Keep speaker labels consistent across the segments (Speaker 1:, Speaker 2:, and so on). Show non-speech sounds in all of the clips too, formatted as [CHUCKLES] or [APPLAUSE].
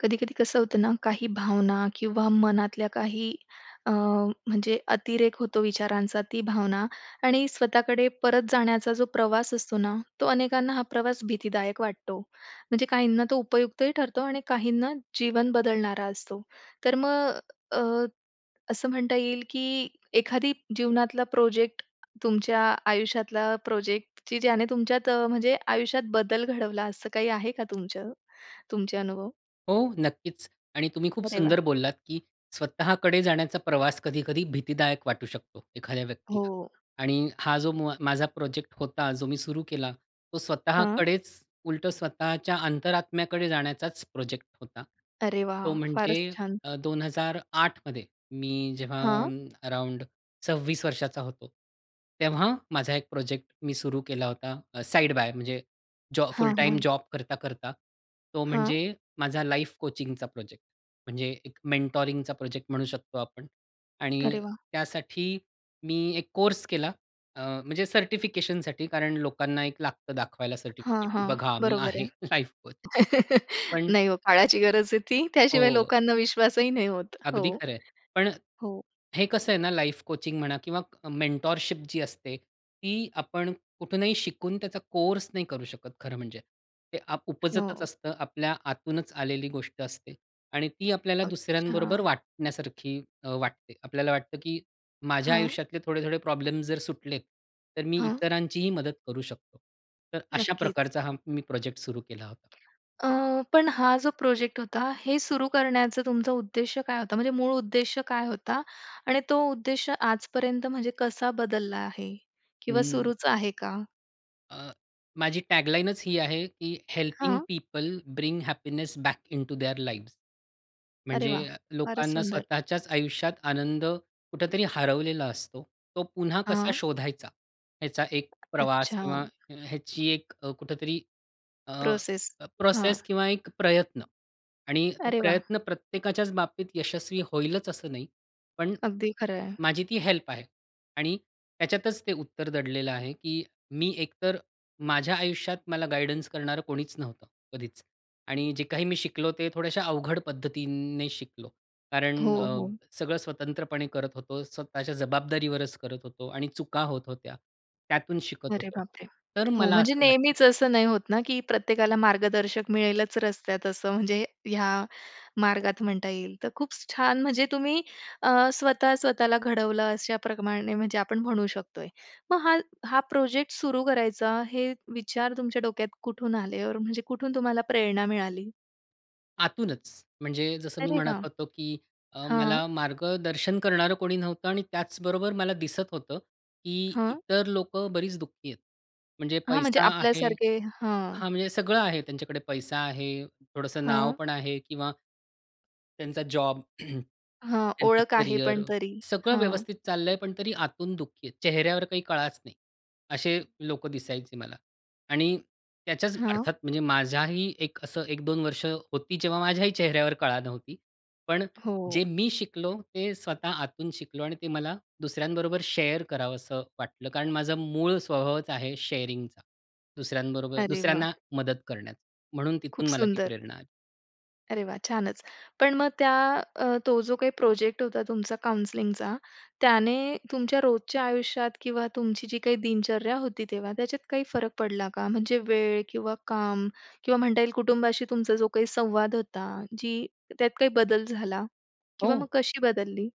Speaker 1: कधी-कधी कसं होतं ना, काही भावना किंवा मनातल्या काही अ, म्हणजे अतिरेक होतो विचारांचा ती भावना आणि स्वतःकडे परत जाण्याचा जो प्रवास असतो ना, तो अनेकांना हा प्रवास भीतीदायक वाटतो. म्हणजे काहींना तो उपयुक्तही ठरतो आणि काहींना जीवन बदलणारा असतो. तर मग अ, असं म्हणता येईल की एखादी जीवनातला प्रोजेक्ट तुमच्या आयुष्यातला प्रोजेक्ट की ज्याने तुमच्यात म्हणजे आयुष्यात बदल घडवला असं काही आहे का तुमचं? तुमचे अनुभव?
Speaker 2: हो, नक्कीच. आणि तुम्ही खूप
Speaker 1: अरे वाह!
Speaker 2: सुंदर बोललात, की स्वतःकडे जाण्याचा प्रवास कधी-कधी भीतीदायक वाटू शकतो एखाद्या
Speaker 1: हो.
Speaker 2: व्यक्तीला. आणि हा जो मुआ माझा प्रोजेक्ट होता जो मी सुरु केला तो
Speaker 1: हां.
Speaker 2: स्वतःकडेच उलटं स्वतःच्या अंतरात्म्याकडे जाण्याचाच प्रोजेक्ट होता.
Speaker 1: अरे वाह!
Speaker 2: तो म्हणजे
Speaker 1: फारच छान.
Speaker 2: अ, 2008 मध्ये मी जेव्हा
Speaker 1: हां.
Speaker 2: अराउंड 26 वर्षाचा होतो. तेव्हा माझा एक प्रोजेक्ट मी सुरु केला होता. अ, साइड बाय म्हणजे जॉ फुल
Speaker 1: हां,
Speaker 2: टाईम
Speaker 1: हां.
Speaker 2: जॉब करता, करता. तो
Speaker 1: हां.
Speaker 2: म्हणजे माझा लाईफ कोचिंगचा प्रोजेक्ट. म्हणजे एक मेन्टॉरिंगचा प्रोजेक्ट म्हणू शकतो आपण. आणि
Speaker 1: अरे वाह!
Speaker 2: त्यासाठी मी एक कोर्स केला. अ, म्हणजे सर्टिफिकेशनसाठी कारण लोकांना एक लागतं दाखवायला
Speaker 1: हां,
Speaker 2: सर्टिफिकेट की
Speaker 1: हां.
Speaker 2: बघा मी
Speaker 1: बरोबर आहे.
Speaker 2: आहे [CHUCKLES] लाईफ कोच.
Speaker 1: [CHUCKLES]
Speaker 2: पण
Speaker 1: नाही ओ. काळाची गरज आहे ती. त्याशिवाय
Speaker 2: हो.
Speaker 1: लोकांना विश्वासही नाही होत. हो.
Speaker 2: अगदी खरं आहे. पण
Speaker 1: हो.
Speaker 2: हे कसं आहे ना, लाईफ कोचिंग म्हणा किंवा मेंटरशिप जी असते, ती आपण कुठूनही शिकून त्याचा कोर्स नाही करू शकत. खरं म्हणजे. ते अप उपजतच
Speaker 1: हो.
Speaker 2: असतं. आपल्या आतूनच आलेली गोष्ट असते. आणि ती आपल्याला दुसऱ्यांबरोबर
Speaker 1: अच्छा.
Speaker 2: वाटण्यासारखी अ, वाटते. आपल्याला वाटतं की माझ्या
Speaker 1: हां.
Speaker 2: आयुष्यातले थोडे-थोडे प्रॉब्लेम्स जर सुटलेत, तर मी
Speaker 1: हां.
Speaker 2: इतरांचीही मदत करू शकतो. तर अशा
Speaker 1: नक्कीच.
Speaker 2: प्रकारचा हा मी प्रोजेक्ट सुरू केला होता.
Speaker 1: अ, पण हा जो प्रोजेक्ट होता, हे सुरू करण्याचं तुमचा उद्देश काय होता? म्हणजे मूळ उद्देश काय होता आणि तो उद्देश आजपर्यंत म्हणजे कसा बदलला आहे किंवा
Speaker 2: हं.
Speaker 1: सुरूच आहे का?
Speaker 2: अ, माझी टॅगलाईनच ही आहे की हेल्पिंग
Speaker 1: हां.
Speaker 2: People bring happiness back into their lives.
Speaker 1: अरे
Speaker 2: म्हणजे
Speaker 1: वाह!
Speaker 2: अ,
Speaker 1: फारच
Speaker 2: लोकांना
Speaker 1: सुंदर.
Speaker 2: स्वतःच्याच आयुष्यात आनंद कुठेतरी हरवलेला असतो. तो पुन्हा कसा
Speaker 1: हां.
Speaker 2: शोधायचा, याचा एक प्रवास
Speaker 1: अच्छा.
Speaker 2: किंवा ह्याची एक अ, कुठेतरी अ,
Speaker 1: प्रोसेस. हां.
Speaker 2: प्रोसेस किंवा एक प्रयत्न आणि तो
Speaker 1: अरे वाह!
Speaker 2: प्रयत्न प्रत्येकाच्याच बाबतीत यशस्वी होईलच असं नाही. पण
Speaker 1: अगदी खरं आहे.
Speaker 2: माझी ती हेल्प आहे. आणि त्याच्यातच ते उत्तर दडलेलं आहे, की मी एकतर माझ्या आयुष्यात मला गाईडन्स करणारं कोणीच नव्हतं, कधीच. आणि जे काही मी शिकलो ते थोड्याश्या अवघड पद्धतीने शिकलो.
Speaker 1: हो,
Speaker 2: कारण अ,
Speaker 1: हो.
Speaker 2: सगळं स्वतंत्रपणे करत होतो. स्वतःच्या जबाबदारीवरच करत होतो. आणि चुका होत होत्या. त्यातून शिकत
Speaker 1: अरे
Speaker 2: होतो.
Speaker 1: बाप रे!
Speaker 2: तर
Speaker 1: हो.
Speaker 2: मला
Speaker 1: म्हणजे
Speaker 2: असं वाटतं
Speaker 1: नेहमीच असं नाही होत ना, की प्रत्येकाला मार्गदर्शक मिळेलच रस्त्यात असं म्हणजे ह्या मार्गात म्हणता येईल. तर खूप छान म्हणजे तुम्ही अ, स्वतः स्वतःला घडवलं अशाप्रमाणे म्हणजे आपण म्हणू शकतोय. मग हा हा प्रोजेक्ट सुरू करायचा, हे विचार तुमच्या डोक्यात कुठून आले ऑर म्हणजे कुठून तुम्हाला प्रेरणा मिळाली?
Speaker 2: आतूनच. म्हणजे जसं मी
Speaker 1: अरे
Speaker 2: म्हणत
Speaker 1: वाह!
Speaker 2: होतो की अ,
Speaker 1: हां.
Speaker 2: मला मार्गदर्शन करणारं कोणी नव्हतं आणि त्याचबरोबर मला दिसत होतं. की
Speaker 1: हां
Speaker 2: इतर लोकं बरीच दुःखी आहेत. म्हणजे
Speaker 1: हां, म्हणजे
Speaker 2: पैसा आहे
Speaker 1: आपल्यासारखे. हां.
Speaker 2: हां, म्हणजे सगळं आहे त्यांच्याकडे पैसा आहे, थोडंसं नाव
Speaker 1: हां
Speaker 2: पण आहे किंवा त्यांचा जॉब, [CLEARS THROAT]
Speaker 1: हां,
Speaker 2: त्यांचं
Speaker 1: ओळख आहे,
Speaker 2: करियर,
Speaker 1: पण तरी.
Speaker 2: सगळं
Speaker 1: हां.
Speaker 2: व्यवस्थित चाललं आहे, पण तरी आतून दुःखी आहेत. चेहऱ्यावर काही कळाच नाही. असे लोकं दिसायचे मला आणि त्याच्याच
Speaker 1: हां.
Speaker 2: अर्थात म्हणजे माझ्याही एक असं 1-2 वर्ष होती, जेव्हा माझ्याही चेहऱ्यावर कळा नव्हती. पण
Speaker 1: हो.
Speaker 2: जे मी शिकलो ते स्वतः आतून शिकलो आणि ते मला दुसऱ्यांबरोबर शेअर करावंस वाटलं. कारण माझा मूळ स्वभावच आहे शेअरिंगचा, दुसऱ्यांबरोबर
Speaker 1: अरे
Speaker 2: दुसऱ्यांना
Speaker 1: वाह!
Speaker 2: मदत करण्याचं. म्हणून
Speaker 1: खूप
Speaker 2: तिथून मला ती
Speaker 1: सुंदर.
Speaker 2: प्रेरणा आली.
Speaker 1: अरे वाह! छानच. पण मग त्या, अ, तो जो काही प्रोजेक्ट होता तुमचा काउंसलिंगचा, त्याने तुमच्या रोजच्या आयुष्यात किंवा तुमची जी काही दिनचर्या होती तेव्हा, त्याच्यात काही फरक पडला का? म्हणजे वेळ किंवा काम किंवा म्हणता येईल कुटुंबाशी तुमचा जो काही संवाद होता. जी त्यात काही बदल झाला किंवा मग
Speaker 2: हो.
Speaker 1: कशी बदलली?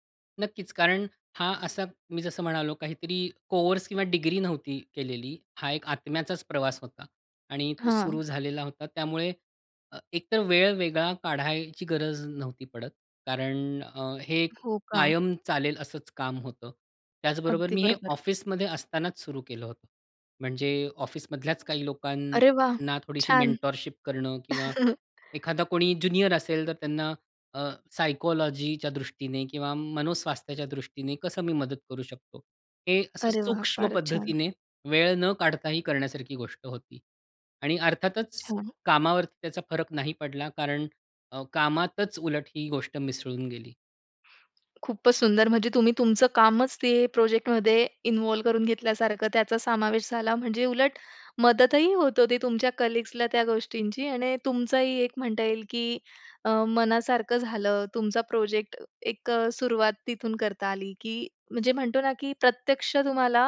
Speaker 2: नक्कीच. कारण हा असा मी जसं म्हणालो काहीतरी कोर्स किंवा डिग्री नव्हती केलेली. हा एक आत्म्याचाच प्रवास होता. आणि तो
Speaker 1: हां.
Speaker 2: सुरु झालेला होता. त्यामुळे अ, एकतर वेळ वेगळा काढायची गरज नव्हती पडत. कारण अ, हे
Speaker 1: हो का?
Speaker 2: कायम चालेल असंच काम होतं. त्याचबरोबर
Speaker 1: अगदी
Speaker 2: मी हे
Speaker 1: बरोबर.
Speaker 2: ऑफिसमध्ये असतानाच सुरू केलं होतं. म्हणजे ऑफिसमधल्याच काही
Speaker 1: अरे वाह!
Speaker 2: लोकांना थोडीशी
Speaker 1: छान.
Speaker 2: मेंटरशिप करणं किंवा
Speaker 1: [CHUCKLES]
Speaker 2: एखादा कोणी ज्युनियर असेल, तर त्यांना अ, सायकॉलॉजीच्या दृष्टीने किंवा मनोस्वास्थ्याच्या दृष्टीने कसं मी मदत करू शकतो? हे असं
Speaker 1: अरे वाह!
Speaker 2: सूक्ष्म
Speaker 1: फारच छान.
Speaker 2: पद्धतीने वेळ न काढताही करण्यासारखी गोष्ट होती. आणि अर्थातच
Speaker 1: अच्छा.
Speaker 2: कामावरती त्याचा फरक नाही पडला. कारण अ, कामातच उलट ही गोष्ट मिसळून गेली.
Speaker 1: खूपच सुंदर, म्हणजे तुम्ही तुमचं कामच ते प्रोजेक्ट मध्ये इन्व्हॉल्व्ह करून घेतल्यासारखं त्याचा समावेश झाला. म्हणजे उलट मदतही होत होती तुमच्या कलीग्सला त्या गोष्टींची आणि तुमचंही एक म्हणता येईल की अ, मनासारखं झालं. तुमचा प्रोजेक्ट, एक अ, सुरुवात तिथून करता आली, की म्हणजे म्हणतो ना की प्रत्यक्ष तुम्हाला,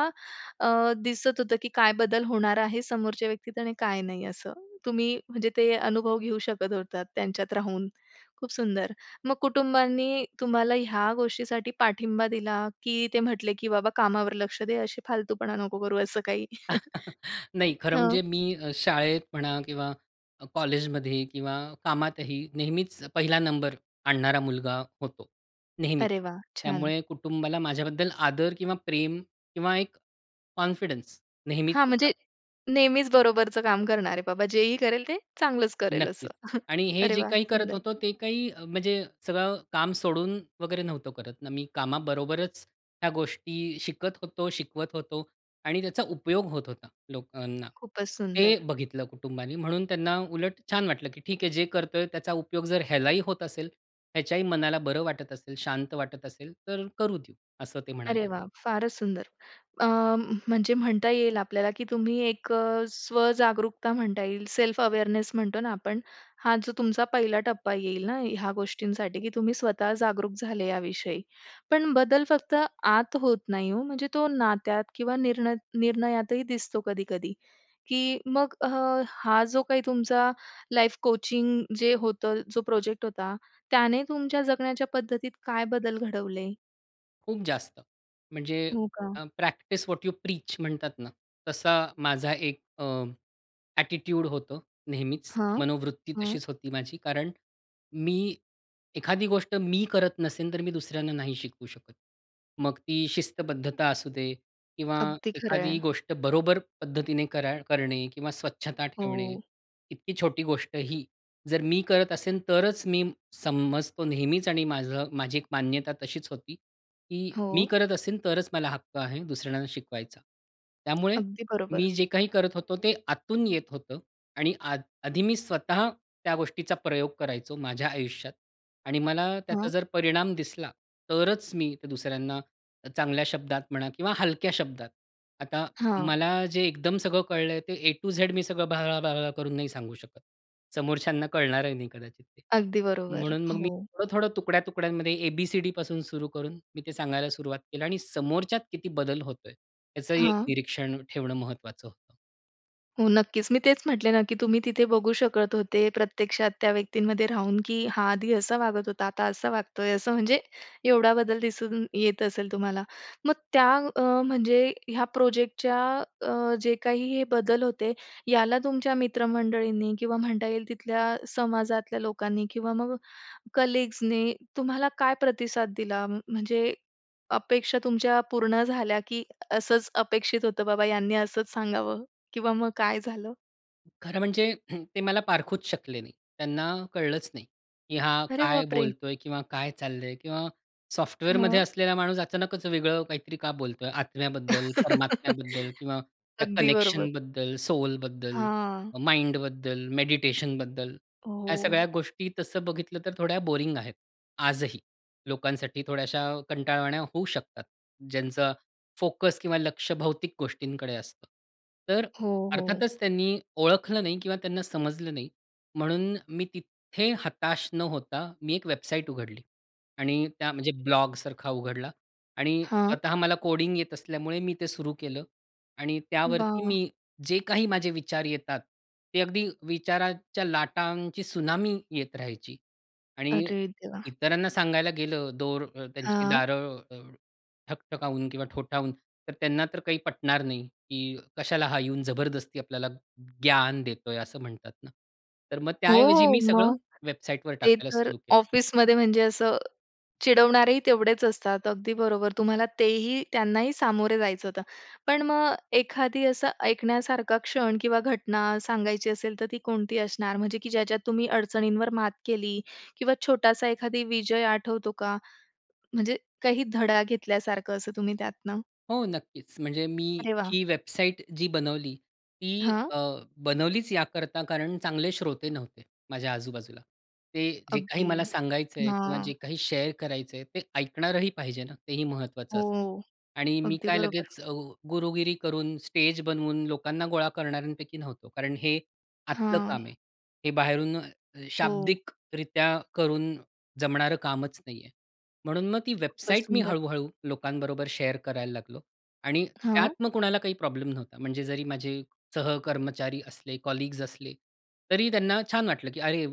Speaker 1: अ, दिसत होतं की काय बदल होणार आहे समोरच्या व्यक्तीत आणि काय नाही असं. तुम्ही म्हणजे ते अनुभव घेऊ शकत होतात त्यांच्यात राहून. खूप सुंदर. मग कुटुंबांनी तुम्हाला ह्या गोष्टीसाठी पाठिंबा दिला की ते म्हटले, की "बाबा, कामावर लक्ष द्या अशी फालतूपणा नको करू," असं काही.
Speaker 2: [CHUCKLES]
Speaker 1: [CHUCKLES]
Speaker 2: नाही, खरं
Speaker 1: हां.
Speaker 2: म्हणजे मी अ, शाळेत म्हणा किंवा कॉलेजमध्ये किंवा कामातही नेहमीच पहिला नंबर आणणारा मुलगा होतो. नेहमीच.
Speaker 1: अरे वाह! छान.
Speaker 2: त्यामुळे कुटुंबाला माझ्याबद्दल आदर किंवा प्रेम किंवा एक कॉन्फिडन्स नेहमीच
Speaker 1: हां,
Speaker 2: होता.
Speaker 1: म्हणजे नेहमीच बरोबरचं काम करणारे बाबा. जेही करेल ते चांगलंच करेल असं.
Speaker 2: नक्कीच.
Speaker 1: [CHUCKLES]
Speaker 2: आणि हे
Speaker 1: अरे
Speaker 2: जे
Speaker 1: वाह!
Speaker 2: काही करत
Speaker 1: सुंदर.
Speaker 2: होतो, ते काही म्हणजे सगळं काम सोडून वगैरे नव्हतो करत ना, मी. कामाबरोबरच ह्या गोष्टी शिकत होतो, शिकवत होतो आणि त्याचा उपयोग होत होता, लोकांना.
Speaker 1: खूपच
Speaker 2: ते
Speaker 1: सुंदर.
Speaker 2: बघितलं कुटुंबानी म्हणून त्यांना उलट छान वाटलं, की "ठीक आहे, जे करतोय त्याचा उपयोग जर ह्यालाही होत असेल ह्याच्याही मनाला बरं वाटत असेल, शांत वाटत असेल तर करू देऊ," असं ते
Speaker 1: अरे
Speaker 2: म्हणाले.
Speaker 1: वाह! फारच सुंदर. अ, म म्हणजे म्हणता येईल आपल्याला की तुम्ही एक अ, स्वजागरूकता म्हणता येईल. सेल्फ अवेअरनेस म्हणतो ना आपण. हा जो तुमचा पहिला टप्पा येईल ना, ह्या गोष्टींसाठी की तुम्ही स्वतः जागरूक झाले याविषयी. पण बदल फक्त आत होत नाही हो. म्हणजे तो नात्यात किंवा निर्ण निर्णयातही दिसतो कधी-कधी. की मग अ, हा जो काही तुमचा लाईफ कोचिंग जे होतं, जो प्रोजेक्ट होता, त्याने तुमच्या जगण्याच्या पद्धतीत काय बदल घडवले?
Speaker 2: खूप जास्त. म्हणजे
Speaker 1: हो का.
Speaker 2: अ, प्रॅक्टिस व्हॉट यू प्रीच म्हणतात ना, तसा माझा एक अ, ॲटिट्यूड होतं. नेहमीच.
Speaker 1: हां.
Speaker 2: मनोवृत्ती
Speaker 1: हं.
Speaker 2: तशीच होती माझी. कारण मी एखादी गोष्ट, मी करत नसेल तर मी दुसऱ्यांना नाही शिकवू शकत. मग ती शिस्तबद्धता असू दे किंवा
Speaker 1: अगदी खरं आहे.
Speaker 2: एखादी गोष्ट बरोबर पद्धतीने कर करणे किंवा स्वच्छता ठेवणे,
Speaker 1: हो.
Speaker 2: इतकी छोटी गोष्टही जर मी करत असेल, तरच मी समजतो नेहमीच आणि माझं माझी एक मान्यता तशीच होती. की मी
Speaker 1: हो.
Speaker 2: करत असेल, तरच मला हक्क आहे दुसऱ्यांना शिकवायचा. त्यामुळे
Speaker 1: अगदी
Speaker 2: मी
Speaker 1: बरोबर.
Speaker 2: जे काही करत होतो, ते आतून येत होतं. आणि आध आधी मी स्वतः त्या गोष्टीचा प्रयोग करायचो माझ्या आयुष्यात. आणि मला त्याचा
Speaker 1: हां.
Speaker 2: जर परिणाम दिसला, तरच मी ते दुसऱ्यांना चांगल्या शब्दात म्हणा किंवा हलक्या शब्दात. आता
Speaker 1: हां.
Speaker 2: मला जे एकदम सगळं कळलंय ते ऐ टु झेड मी सगळं "ब्ला, ब्ला" करून नाही सांगू शकत. समोरच्यांना कळणारही नाही कदाचित ते.
Speaker 1: अगदी बरोबर.
Speaker 2: म्हणून मग मी
Speaker 1: हो.
Speaker 2: थोडं-थोडं तुकड्या-तुकड्यांमध्ये ए, बी, सी, डीपासून सुरु करून मी ते सांगायला सुरुवात केली. आणि समोरच्यात किती बदल होतोय याचंही एक
Speaker 1: हां.
Speaker 2: निरीक्षण ठेवणं महत्वाचं होतं.
Speaker 1: हो, नक्कीच. मी तेच म्हटले ना, की तुम्ही तिथे बघू शकत होते प्रत्यक्षात त्या व्यक्तींमध्ये राहून की हा आधी असा वागत होता आता असा वागतोय. असं म्हणजे एवढा बदल दिसून येत असेल तुम्हाला. मग त्या अ, म्हणजे ह्या प्रोजेक्टच्या अ, अ, जे काही हे बदल होते याला तुमच्या मित्रमंडळींनी किंवा म्हणता येईल तिथल्या समाजातल्या लोकांनी किंवा मग कलीग्सनी तुम्हाला काय प्रतिसाद दिला? म्हणजे अपेक्षा तुमच्या पूर्ण झाल्या, की असंच अपेक्षित होतं बाबा यांनी असंच सांगावं किंवा मग काय झालं?
Speaker 2: खरं म्हणजे [CLEARS THROAT] ते मला पारखूच शकले नाही. त्यांना कळलंच नाही, की हा
Speaker 1: अरे
Speaker 2: काय
Speaker 1: बाप रे!
Speaker 2: बोलतोय किंवा काय चाललंय किंवा सॉफ्टवेअरमध्ये
Speaker 1: हां.
Speaker 2: असलेला माणूस अचानकच वेगळं काहीतरी का बोलतोय? आत्म्याबद्दल, परमात्म्याबद्दल
Speaker 1: [LAUGHS]
Speaker 2: किंवा त्या
Speaker 1: अगदी बरोबर.
Speaker 2: कनेक्शनबद्दल, सोलबद्दल,
Speaker 1: हां.
Speaker 2: माइंडबद्दल मेडिटेशनबद्दल. ह्या सगळ्या
Speaker 1: हो.
Speaker 2: गोष्टी तसं बघितलं तर थोड्या बोरिंग आहेत आजही. लोकांसाठी थोड्याशा कंटाळवाण्या होऊ शकतात ज्यांचं फोकस किंवा लक्ष भौतिक गोष्टींकडे असतं. तर अ,
Speaker 1: हो, हो.
Speaker 2: अर्थातच त्यांनी ओळखलं नाही किंवा त्यांना समजलं नाही. म्हणून मी तिथे हताश न होता, मी एक वेबसाईट उघडली आणि त्या म्हणजे ब्लॉग सारखा उघडला आणि
Speaker 1: हां.
Speaker 2: स्वतः मला कोडिंग येत असल्यामुळे मी ते सुरू केलं आणि त्यावरती
Speaker 1: वाह!
Speaker 2: मी जे काही माझे विचार येतात ते अगदी विचाराच्या लाटांची त्सुनामी येत राहायची आणि
Speaker 1: अरे देवा!
Speaker 2: इतरांना सांगायला गेलं दोर अ, त्यांची
Speaker 1: हां.
Speaker 2: दारं ठकठकावून किंवा ठोठावून तर त्यांना तर काही पटणार नाही, की "कशाला हा येऊन जबरदस्ती आपल्याला ज्ञान देतोय," असं म्हणतात ना. तर मग त्याऐवजी
Speaker 1: हो.
Speaker 2: मी सगळं
Speaker 1: मग
Speaker 2: वेबसाईटवर
Speaker 1: ते
Speaker 2: टाकायला
Speaker 1: तर
Speaker 2: सुरु केलं.
Speaker 1: ऑफिसमध्ये म्हणजे असं चिडवणारेही तेवढेच असतात. अगदी बरोबर तुम्हाला तेही त्यांनाही सामोरे जायचं होतं. पण मग एखादी असं ऐकण्यासारखा क्षण किंवा घटना सांगायची असेल, तर ती कोणती असणार? म्हणजे की ज्याच्यात तुम्ही अडचणींवर मात केली. किंवा छोटासा एखादा विजय आठवतो का? म्हणजे काही धडा घेतल्यासारखं असं तुम्ही त्यातनं.
Speaker 2: हो, नक्कीच म्हणजे मी
Speaker 1: अरे वाह!
Speaker 2: ही वेबसाईट जी बनवली, ती
Speaker 1: हां.
Speaker 2: अ, बनवलीच याकरता कारण चांगले श्रोते नव्हते, माझ्या आजू-बाजूला. ते जे काही
Speaker 1: अगदी.
Speaker 2: मला सांगायचं आहे किंवा जे
Speaker 1: हां.
Speaker 2: काही शेअर करायचं आहे ते ऐकणारही पाहिजे ना, तेही महत्वाचं असतं.
Speaker 1: हो.
Speaker 2: आणि मी
Speaker 1: अगदी
Speaker 2: काय
Speaker 1: बरोबर.
Speaker 2: लगेच अ, गुरुगिरी करून, स्टेज बनवून लोकांना गोळा करणाऱ्यांपैकी नव्हतो. कारण हे, आतलं
Speaker 1: हां.
Speaker 2: काम आहे. हे बाहेरून अ,
Speaker 1: हो.
Speaker 2: शाब्दिकरित्या करून जमणारं कामच नाहीये. म्हणून मग ती
Speaker 1: खूपच
Speaker 2: वेबसाईट मी
Speaker 1: सुंदर.
Speaker 2: हळू-हळू लोकांबरोबर शेअर करायला लागलो. आणि त्यात
Speaker 1: हां.
Speaker 2: मग कुणाला काही प्रॉब्लेम नव्हता. म्हणजे जरी माझे सहकर्मचारी असले, कलीग्स असले. तरी त्यांना छान वाटलं, की "अरे!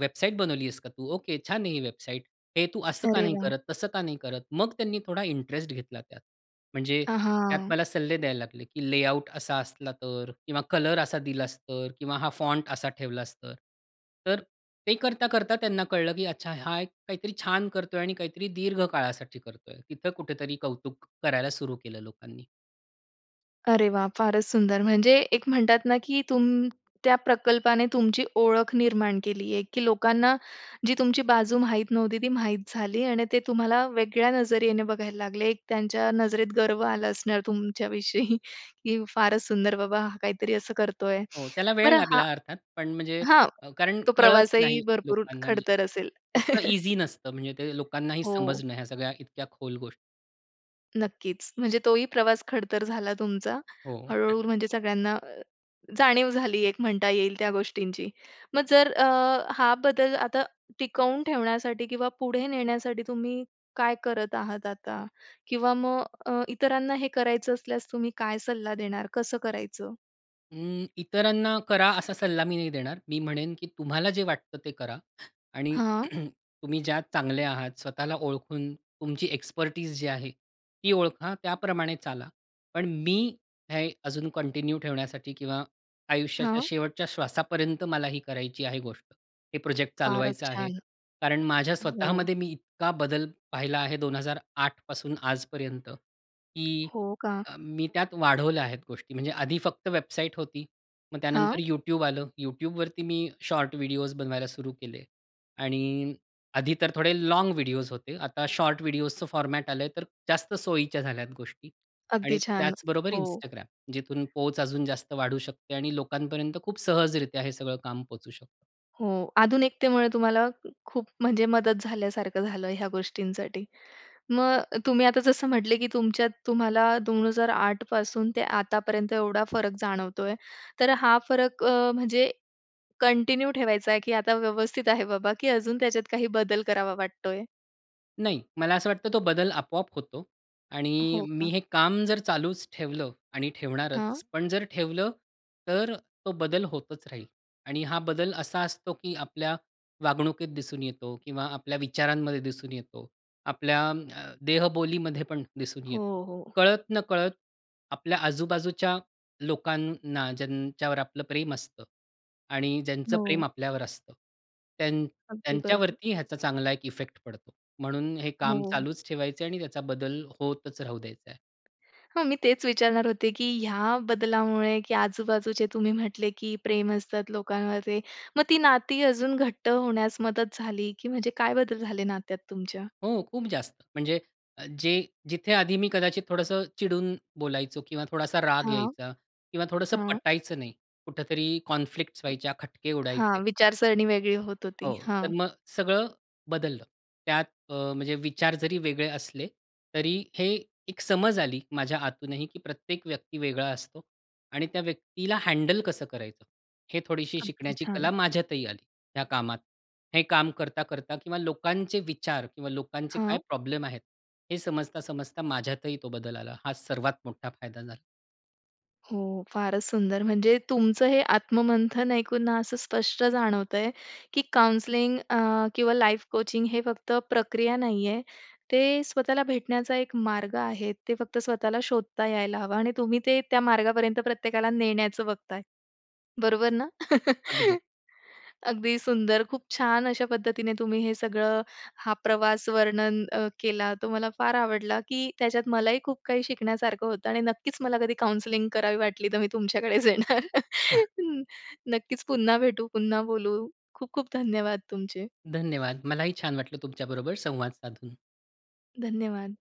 Speaker 2: वेबसाईट बनवली आहेस का तू? ओके छान आहे ही वेबसाईट. हे तू असं का
Speaker 1: अरे
Speaker 2: नाही
Speaker 1: वाह!
Speaker 2: करत, तसं का नाही करत?" मग त्यांनी थोडा इंटरेस्ट घेतला त्यात. म्हणजे
Speaker 1: अ,
Speaker 2: त्यात
Speaker 1: हां.
Speaker 2: मला सल्ले द्यायला लागले, की लेआउट असा असला तर? किंवा कलर असा दिलास तर किंवा हा फॉन्ट असा ठेवलास तर. तर ते करता-करता त्यांना कळलं की अच्छा हा एक काहीतरी छान करतोय आणि काहीतरी दीर्घ काळासाठी करतोय. तिथं कुठेतरी कौतुक करायला सुरु केलं लोकांनी.
Speaker 1: अरे वाह! फारच सुंदर, म्हणजे एक म्हणतात ना की तुम त्या प्रकल्पाने तुमची ओळख निर्माण केली आहे, की लोकांना जी तुमची बाजू माहीत नव्हती, ती माहीत झाली. आणि ते तुम्हाला वेगळ्या नजरेने बघायला लागले. त्यांच्या नजरेत गर्व आला असणार तुमच्या विषयी, की "फारच सुंदर बाबा, हा काहीतरी असं करतोय."
Speaker 2: हो. त्याला वेळ
Speaker 1: बरं हा
Speaker 2: लागला अर्थात, पण म्हणजे
Speaker 1: हां,
Speaker 2: अ, कारण
Speaker 1: तो
Speaker 2: कळत
Speaker 1: प्रवासही
Speaker 2: नाही
Speaker 1: भरपूर
Speaker 2: लोकांना म्हणजे.
Speaker 1: खडतर असेल.
Speaker 2: इतकं
Speaker 1: [CHUCKLES]
Speaker 2: ईझी नसतं म्हणजे ते लोकांनाही
Speaker 1: हो.
Speaker 2: समजणं ह्या सगळ्या इतक्या खोल गोष्टी.
Speaker 1: नक्कीच. म्हणजे तोही प्रवास खडतर झाला तुमचा.
Speaker 2: हो.
Speaker 1: हळू-हळू
Speaker 2: [CHUCKLES]
Speaker 1: म्हणजे सगळ्यांना जाणीव झाली एक म्हणता येईल, त्या गोष्टींची. मग जर अ, हा बदल आता टिकवून ठेवण्यासाठी किंवा पुढे नेण्यासाठी तुम्ही काय करत आहात आता? किंवा मग अ, अ, इतरांना हे करायचं असल्यास तुम्ही काय सल्ला देणार? कसं करायचं?
Speaker 2: हं, इतरांना करा असा सल्ला मी नाही देणार. मी म्हणेन की तुम्हाला जे वाटतं ते करा आणि
Speaker 1: हां.
Speaker 2: [CLEARS THROAT] तुम्ही ज्यात चांगले आहात स्वतःला ओळखून तुमची एक्सपेर्टीज जी आहे ती ओळखा, त्याप्रमाणे चाला. पण मी हे अजून कंटिन्यू ठेवण्यासाठी किंवा आयुष्याच्या
Speaker 1: हां.
Speaker 2: शेवटच्या श्वासापर्यंत मला ही करायची आहे गोष्ट. हे प्रोजेक्ट
Speaker 1: फारच
Speaker 2: चालवायचं आहे.
Speaker 1: छान!
Speaker 2: कारण माझ्या
Speaker 1: हो.
Speaker 2: स्वतःमध्ये मी इतका बदल पाहिला आहे 2008 पासून आजपर्यंत की
Speaker 1: हो, का?
Speaker 2: अ, मी त्यात वाढवल्या आहेत गोष्टी म्हणजे आधी फक्त वेबसाईट होती. मग त्यानंतर
Speaker 1: हां.
Speaker 2: YouTube आलं. YouTubeवरती मी शॉर्ट व्हिडिओज बनवायला सुरू केले आणि आधी तर थोडे लाँग व्हिडिओज होते. आता शॉर्ट व्हिडिओजच फॉर्मॅट आलंय, तर जास्त सोयीच्या झाल्यात गोष्टी आणि
Speaker 1: अगदी छान!
Speaker 2: त्याचबरोबर
Speaker 1: हो.
Speaker 2: Instagram. जिथून पोहच अजून जास्त वाढू शकते आणि लोकांपर्यंत खूप सहजरित्या हे सगळं काम पोहचू शकतं.
Speaker 1: हो. आधुनिकतेमुळे तुम्हाला खूप म्हणजे मदत झाल्यासारखं झालं ह्या गोष्टींसाठी. मग तुम्ही आता जसं म्हटले की तुमच्यात तुम्हाला 2008 पासून ते आतापर्यंत एवढा फरक जाणवतोय. तर हा फरक अ, म्हणजे कंटिन्यू ठेवायचाय की आता व्यवस्थित आहे बाबा की अजून त्याच्यात काही बदल करावा वाटतोय?
Speaker 2: नाही, मला असं वाटतं तो बदल आपोआप होतो. आणि
Speaker 1: हो
Speaker 2: मी
Speaker 1: का.
Speaker 2: हे काम जर चालूच ठेवलं आणि
Speaker 1: हां.
Speaker 2: ठेवणारच. पण जर ठेवलं, तर अ, तो बदल होतच राहील आणि हा बदल असा असतो की आपल्या वागणुकीत दिसून येतो किंवा आपल्या विचारांमध्ये दिसून येतो, आपल्या अं, देहबोलीमध्ये पण दिसून
Speaker 1: हो,
Speaker 2: येतो.
Speaker 1: हो.
Speaker 2: कळत नकळत आपल्या आजूबाजूच्या लोकांना ज्यांच्यावर आपलं प्रेम असतं आणि ज्यांचं प्रेम
Speaker 1: हो.
Speaker 2: आपल्यावर असतं. त्यां
Speaker 1: अगदी बरोबर.
Speaker 2: त्यांच्यावरती ह्याचा चांगला एक इफेक्ट पडतो, म्हणून हे काम
Speaker 1: हो.
Speaker 2: चालूच ठेवायचंय आणि त्याचा बदल होतच राहू द्यायचा आहे.
Speaker 1: हां, मी तेच विचारणार होते की ह्या बदलामुळे की आजूबाजूचे तुम्ही म्हटले की प्रेम असतात लोकांवरचे. मग ती नाती अजून घट्ट होण्यास मदत झाली? की म्हणजे काय बदल झाले नात्यात तुमच्या?
Speaker 2: हो खूप जास्त. म्हणजे जे जिथे आधी मी कदाचित थोडंसं चिडून बोलायचो किंवा थोडासा राग
Speaker 1: हां.
Speaker 2: यायचा किंवा थोडसं
Speaker 1: हां.
Speaker 2: पटायचं नाही, कुठेतरी कॉन्फ्लिक्ट्स व्हायच्या, खटके उडायचे.
Speaker 1: हां. विचारसरणी वेगळी होत होती.
Speaker 2: हो.
Speaker 1: हां.
Speaker 2: तर मग सगळं बदललं. त्यात अ, म्हणजे विचार जरी वेगळे असले, तरी हे एक समज आली माझ्या आतूनही की प्रत्येक व्यक्ती वेगळा असतो आणि त्या व्यक्तीला हँडल कसं करायचं? हे थोडीशी
Speaker 1: अगदी
Speaker 2: शिकण्याची
Speaker 1: छान.
Speaker 2: कला माझ्यातही आली, ह्या कामात. हे काम करता-करता किंवा लोकांचे विचार किंवा लोकांचे
Speaker 1: हां.
Speaker 2: काय प्रॉब्लेम आहेत हे समजता, समजता माझ्यातही तो बदल आला. हा सर्वात मोठा फायदा झाला.
Speaker 1: हो. फारच सुंदर, म्हणजे तुमचं हे आत्ममंथन ऐकून असं स्पष्ट जाणवतंय, की काउंसलिंग अ, किंवा लाईफ कोचिंग हे फक्त प्रक्रिया नाहीये. ते स्वतःला भेटण्याचा एक मार्ग आहे. ते फक्त स्वतःला शोधता यायला हवं आणि तुम्ही ते त्या मार्गापर्यंत प्रत्येकाला नेण्याचं बघताय. बरोबर ना? [CHUCKLES]
Speaker 2: अगदी.
Speaker 1: अगदी सुंदर. खूप छान अशा पद्धतीने तुम्ही हे सगळं हा प्रवास वर्णन अ, केला. तो मला फार आवडला, की त्याच्यात मलाही खूप काही शिकण्यासारखं होतं आणि नक्कीच मला कधी काउंसलिंग करावी वाटली, तर मी तुमच्याकडेच येणार.
Speaker 2: [CHUCKLES]
Speaker 1: [CHUCKLES] नक्कीच पुन्हा भेटू, पुन्हा बोलू. खूप खूप धन्यवाद तुमचे.
Speaker 2: धन्यवाद. मलाही छान वाटलं तुमच्याबरोबर संवाद साधून.
Speaker 1: धन्यवाद.